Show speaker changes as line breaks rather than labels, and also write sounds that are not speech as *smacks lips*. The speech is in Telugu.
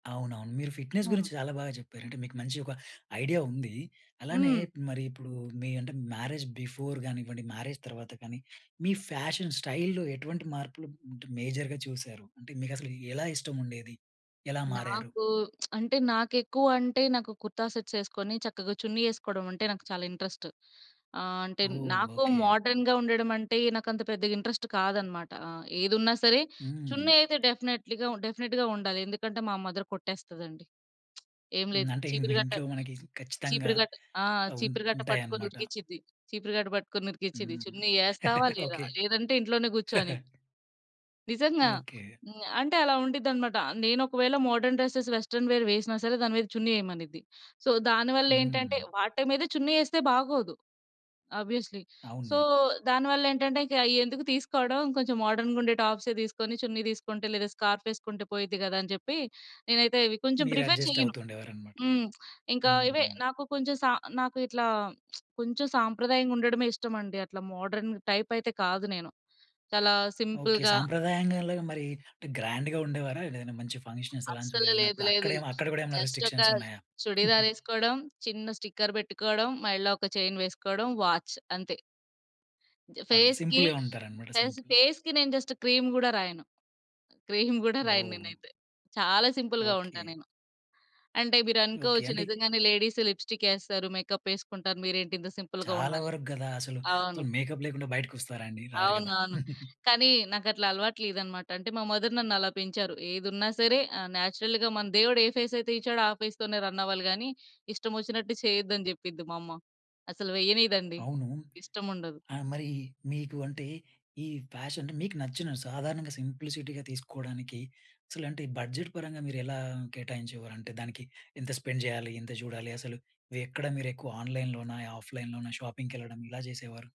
అవునవును. మీరు ఫిట్నెస్
ఆ!
గురించి చాలా బాగా జెప్పారు. అంటే మీకు మంచి ఒక ఐడియా ఉంది. అలానే
హ్మ్.
మరి ఇప్పుడు మీ అంటే మ్యారేజ్ బిఫోర్ గానివ్వండి, మ్యారేజ్ తర్వాత కానీ మీ ఫ్యాషన్ స్టైల్‌లో ఎటువంటి మార్పులు అంటే మేజర్‌గా చూసారు? అంటే మీకసలు ఎలా ఇష్టం ఉండేది? ఎలా మారారు?
నాకు *smacks lips* అంటే నాకేక్కువంటే నాకు కుర్తా సెట్స్ ఎసుకొని, చక్కగా చున్నీ ఎసుకోవడమంటే నాకు చాలా ఇంట్రెస్ట్. ఆ! అంటే
ఓహ్!
నాకు
ఓకే.
మోడర్న్‌గా ఉండడం అంటే నాకంత పెద్దగా ఇంట్రెస్ట్ కాదన్నమాట, ఆహ్ ఏదున్నా సరే
హ్మ్.
చున్నీ అయితే డెఫినైట్‌లీగా ఉన్ డెఫినిట్‌గా ఉండాలి. ఎందుకంటే మా మదర్ కొట్టేస్తదండి. *smacks lips* ఏం
హ్మ్.
లేదు
అంటే ఇన్
చీపిరి గట్ట,
ఇంట్లో మనకి ఖచ్చితంగా
చీపిరి కట్ట ఆ!
ఆహ్, ఉన్
చీపిరి కట్ట పట్టుకొని
ఉంటాయన్నమాట.
ఉరికిచ్చిద్ది. చీపిరి కట్ట పట్టుకొని ఉరికిచిద్ది.
హ్మ్.
"చున్నీ ఎస్తావా
*laughs*
లేదా?
ఓకే.
లేదంటే ఇంట్లోనే గూర్చో" అని.
*chuckles*
నిజంగా.
ఓకే.
హ్మ్. అంటే అలా ఉండిద్ది అన్నమాట. నేను ఒకవేళ మోడర్న్ డ్రెసెస్, వెస్టర్న్ వేర్ వేసినా సరే దాని మీద చున్నీ ఎయమనిద్ది. సో, దానివల్లేంటంటే
హ్మ్.
వాటి మీద చున్నీ ఎస్తే బాగోదు. ఆబ్వియస్‌లీ, సో,
అవును.
దానివల్లేంటంటే ఇంక ఎందుకు తీసుకోవడం? కొంచెం మోడర్న్‌గుండే టాప్సే దీసుకొని, చున్నీ తీసుకుంటే లేదా స్కార్ఫ్ ఎసుకుంటే పోయిద్ది గదా! అని జెప్పి నేనైతే ఇవి కొంచెం
మీరు
ప్రిఫర్
అడ్జస్ట్
చేయను.
అవుతుండేవారన్నమాట.
హ్మ్. ఇంకా ఇవే
హ్మ్.
నాకు కొంచెం సా నాకిట్లా *smacks lips* కొంచెం సాంప్రదాయంగా ఉండడమే ఇష్టమండి. అట్లా మోడర్న్ టైప్ అయితే కాదు నేను. చాలా
ఓకే.
సింపుల్‌గా
సాంప్రదాయంగాల మరి అంటే గ్రాండ్‌గా ఉండేవారా? ఏదైనా మంచి ఫంక్షన్స్ అలాంటివి
అస్సలే లేదు.
వెళ్ళినప్పుడు
లేదు.
అక్కడెమ అక్కడ గూడా ఏమైనా
జస్ట్ ఒక
రిస్ట్రిక్షన్స్ ఉన్నాయా?
చుడిదార్
*giggles*
ఎసుకోవడం, చిన్న స్టిక్కర్ బెట్టుకోవడం, మెడలో ఒక చైన్ వేసుకోవడం, వాచ్ అంతే.
ఓకే.
ఫేస్‌కి,
సింపుల్‌గా ఉంటారన్నమాట.
కనీసం
సింపుల్‌.
ఫేస్‌‌కి నేను జస్ట్ క్రీమ్ గూడా రాయను. క్రీమ్ గూడా రాయను
ఓహ్!
నేనైతే. చాలా సింపుల్‌గా ఉంటా
ఓకే.
నేను. అంటే మీరు
ఓకే.
అనుకోవచ్చు
అంటే
నిజంగానే లేడీస్ లిప్స్టికెస్తారు, మేకప్ ఎసుకుంటారు మీరేంటి ఇంత సింపుల్‌గా
చాలా
ఉన్నారు.
వరకు గదా! అసలు. సో,
అవును.
మేకప్ లేకుండా బయటకి ఒస్తారా అండి? రారు
అవును.
గదా!
అవును.
*chuckles*
కానీ నాకట్లా అలవాటు లేదన్నమాట. అంటే మా మదర్ నన్ను అలా పెంచారు, "ఏదున్నా సరే ఆ నేచురల్‌గా మన దేవుడు ఏ ఫేస్ అయితే ఇచ్చాడో ఆ ఫేస్ తోనే రన్ అవ్వాలి గానీ ఇష్టం ఒచ్చినట్టు చేయొద్దని" చెప్పిద్ది మా అమ్మ. అసలు వెయ్యనీయదండి,
అవును.
ఇష్టం ఉండదు.
ఆ మరి మీకు అంటే ఈ ఫ్యాషన్ అంటే మీకు నచ్చిన సాధారణంగా సింప్లిసిటీగా తీసుకోవడానికి అసలంటే బడ్జెట్ పరంగా మీరెలా కేటాయించేవారు? అంటే దానికి ఎంత స్పెండ్ జేయాలి? ఎంత జూడాలి అసలు? వే ఎక్కడ మిరెక్కువగా ఆన్లైన్‌లోనా, ఆఫ్లైన్‌లోనా షాపింగ్‌కెళ్ళడం ఇలా జేసేవారు?